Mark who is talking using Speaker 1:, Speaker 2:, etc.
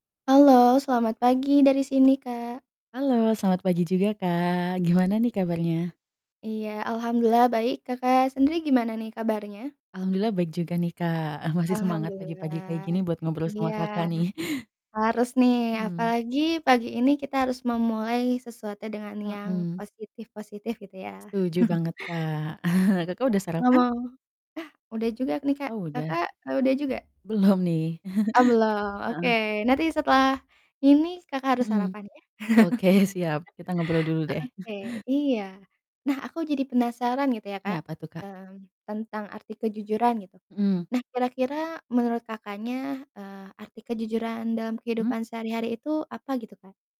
Speaker 1: Halo, selamat pagi dari sini, Kak.
Speaker 2: Halo, selamat pagi juga, Kak, gimana nih kabarnya?
Speaker 1: Iya, alhamdulillah baik, Kakak sendiri gimana nih kabarnya?
Speaker 2: Alhamdulillah baik juga nih, Kak, masih semangat pagi-pagi kayak
Speaker 1: Alhamdulillah.
Speaker 2: gini buat ngobrol
Speaker 1: Iya,
Speaker 2: sama Kakak nih.
Speaker 1: harus nih,
Speaker 2: Mmm.
Speaker 1: apalagi pagi ini kita harus memulai sesuatu dengan yang
Speaker 2: Mhm.
Speaker 1: positif-positif gitu ya.
Speaker 2: Setuju banget, Kak. Kakak
Speaker 1: Iya,
Speaker 2: udah sarapan?
Speaker 1: ngomo ah, udah juga nih, Kak,
Speaker 2: Oh, udah.
Speaker 1: Kakak, eee, udah juga?
Speaker 2: Belum nih.
Speaker 1: Oh, belum, oke,
Speaker 2: Heeh.
Speaker 1: nanti setelah ini Kakak harus
Speaker 2: Mhm.
Speaker 1: sarapan ya.
Speaker 2: Oke, siap, kita ngobrol dulu deh.
Speaker 1: Oke, iya. Nah, aku jadi penasaran gitu ya, Kak,
Speaker 2: Kenapa tuh, Kak?
Speaker 1: mmm, tentang arti kejujuran gitu.
Speaker 2: Mhm.
Speaker 1: Nah, kira-kira menurut Kakaknya, eee, arti kejujuran dalam
Speaker 2: Mmm?
Speaker 1: kehidupan sehari-hari itu apa gitu, Kak?